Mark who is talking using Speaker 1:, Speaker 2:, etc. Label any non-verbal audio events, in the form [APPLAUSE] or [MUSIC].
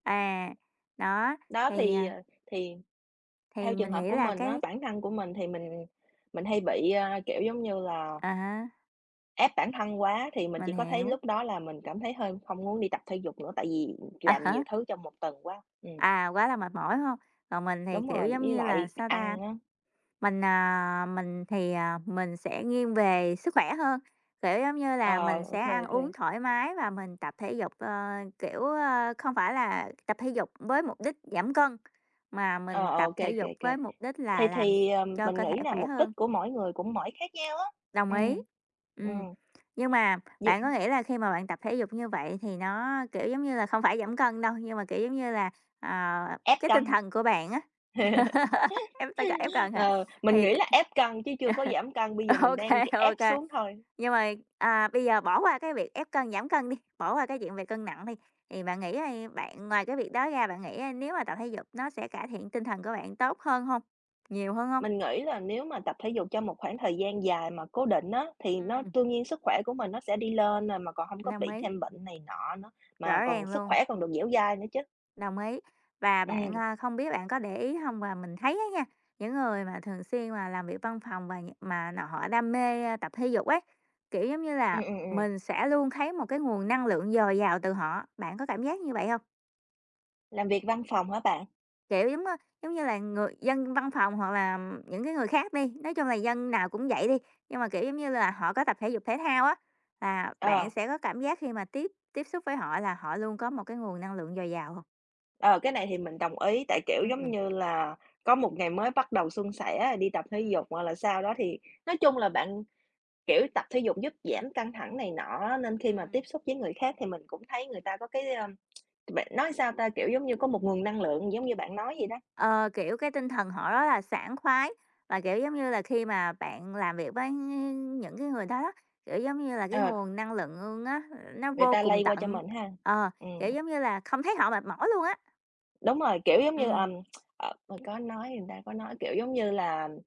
Speaker 1: À, đó,
Speaker 2: Đó
Speaker 1: thì,
Speaker 2: thì,
Speaker 1: à
Speaker 2: ờ, thì
Speaker 1: thì
Speaker 2: theo trường
Speaker 1: mình
Speaker 2: hợp
Speaker 1: nghĩ
Speaker 2: của
Speaker 1: là
Speaker 2: mình, á,
Speaker 1: cái
Speaker 2: bản thân của mình thì mình mình hay bị, a, kiểu, giống như là
Speaker 1: À, há.
Speaker 2: ép bản thân quá thì mình
Speaker 1: Mình
Speaker 2: chỉ có thấy
Speaker 1: hiểu.
Speaker 2: lúc đó là mình cảm thấy hơi không muốn đi tập thể dục nữa tại vì
Speaker 1: À,
Speaker 2: làm
Speaker 1: há.
Speaker 2: nhiều thứ trong một tuần quá, ừm.
Speaker 1: À, quá là mệt mỏi, đúng hông? Còn mình thì,
Speaker 2: Đúng
Speaker 1: kiểu,
Speaker 2: rồi,
Speaker 1: giống
Speaker 2: với
Speaker 1: như là
Speaker 2: lại
Speaker 1: sao ta?
Speaker 2: ăn á.
Speaker 1: Mình, à, mình thì, à, mình sẽ nghiêng về sức khỏe hơn, kiểu, giống như là,
Speaker 2: Ờ,
Speaker 1: mình sẽ
Speaker 2: OK,
Speaker 1: ăn uống
Speaker 2: OK.
Speaker 1: thoải mái và mình tập thể dục, ờ, kiểu, ơ, không phải là tập thể dục với mục đích giảm cân, mà
Speaker 2: Ờ,
Speaker 1: mình tập
Speaker 2: OK,
Speaker 1: thể
Speaker 2: OK,
Speaker 1: dục với
Speaker 2: OK.
Speaker 1: mục đích
Speaker 2: Thì
Speaker 1: là làm s
Speaker 2: thì, ờ,
Speaker 1: cho
Speaker 2: mình
Speaker 1: cơ thể
Speaker 2: nghĩ là
Speaker 1: khỏe
Speaker 2: mục đích
Speaker 1: hơn.
Speaker 2: của mỗi người cũng mỗi khác nhau á,
Speaker 1: Đồng ý,
Speaker 2: ừm,
Speaker 1: ừm,
Speaker 2: ừm
Speaker 1: nhưng mà
Speaker 2: Việc
Speaker 1: bạn có nghĩ là khi mà bạn tập thể dục như vậy thì nó, kiểu, giống như là không phải giảm cân đâu, nhưng mà, kiểu, giống như là, à,
Speaker 2: Ép
Speaker 1: cái tinh
Speaker 2: cân.
Speaker 1: thần của bạn, á,
Speaker 2: [LAUGHS]
Speaker 1: [LAUGHS] ép tăng ca ép cần hả?
Speaker 2: Ờ, mình
Speaker 1: Thì t
Speaker 2: nghĩ là ép cân chứ chưa có
Speaker 1: [CHUCKLES]
Speaker 2: giảm cân bây giờ mình
Speaker 1: OK,
Speaker 2: đang, kiểu, ép
Speaker 1: OK.
Speaker 2: xuống thôi.
Speaker 1: Nhưng mà, à, bây giờ bỏ qua cái việc ép cân, giảm cân đi, bỏ qua cái chuyện về cân nặng đi, thì bạn nghĩ đi, bạn ngoài cái việc đó ra bạn nghĩ, á, nếu mà tập thể dục nó sẽ cải thiện tinh thần của bạn tốt hơn hông? Nhiều hơn hông?
Speaker 2: Mình nghĩ là nếu mà tập thể dục trong một khoảng thời gian dài mà cố định, á, thì nó
Speaker 1: Ừm.
Speaker 2: đương nhiên sức khỏe của mình nó sẽ đi lên à, mà còn hông có
Speaker 1: Đồng
Speaker 2: bị
Speaker 1: ý.
Speaker 2: thêm bệnh này nọ nữa, mà
Speaker 1: Rõ
Speaker 2: còn
Speaker 1: ràng
Speaker 2: sức
Speaker 1: luôn.
Speaker 2: khỏe còn được dẻo dai nữa chứ.
Speaker 1: Đồng ý, và bạn,
Speaker 2: Ừm.
Speaker 1: a, không biết bạn có để ý hông? Và mình thấy á nha, những người mà thường xuyên mà làm việc văn phòng và nh mà nọ họ đam mê tập thể dục ấy, kiểu, giống như là,
Speaker 2: Ừm, ừm, ừm.
Speaker 1: mình sẽ luôn thấy một cái nguồn năng lượng dồi dào từ họ, bạn có cảm giác như vậy hông?
Speaker 2: Làm việc văn phòng hả bạn?
Speaker 1: Kiểu, giống, ơ, giống như là, người dân văn phòng hoặc là những cái người khác đi, nói chung là dân nào cũng vậy đi, nhưng mà, kiểu, giống như là, họ có tập thể dục thể thao á là bạn
Speaker 2: Ờ.
Speaker 1: sẽ có cảm giác khi mà tiếp tiếp xúc với họ là họ luôn có một cái nguồn năng lượng dồi dào hông?
Speaker 2: Ờ, cái này thì mình đồng ý tại, kiểu, giống
Speaker 1: Ừm.
Speaker 2: như là, có một ngày mới bắt đầu suôn sẻ rồi đi tập thể
Speaker 1: Ừm.
Speaker 2: dục hoặc là sao đó thì nói chung là bạn, kiểu, tập thể dục giúp giảm căng thẳng này nọ á, nên khi mà
Speaker 1: Ừm.
Speaker 2: tiếp xúc với người khác thì mình cũng thấy người ta có cái, ơ, [TSK] bệnh nói sao ta, kiểu, giống như, có một nguồn năng lượng giống như bạn nói vậy đó.
Speaker 1: Ờ, kiểu, cái tinh thần họ rất là sảng khoái và, kiểu, giống như là, khi mà bạn làm việc với những cái người đó đó, kiểu, giống như là, cái
Speaker 2: Ờ.
Speaker 1: nguồn năng lượng luôn, á, nó
Speaker 2: Người
Speaker 1: vô
Speaker 2: ta
Speaker 1: cùng
Speaker 2: lây qua cho
Speaker 1: tận,
Speaker 2: mình ha,
Speaker 1: ờ, kiểu,
Speaker 2: ừm.
Speaker 1: giống như là không thấy họ mệt mỏi luôn á.
Speaker 2: Đúng rồi, kiểu, giống như,
Speaker 1: Ừm.
Speaker 2: ờm, [TSK] ờ, có nói rồi ta, có nói, kiểu, giống như là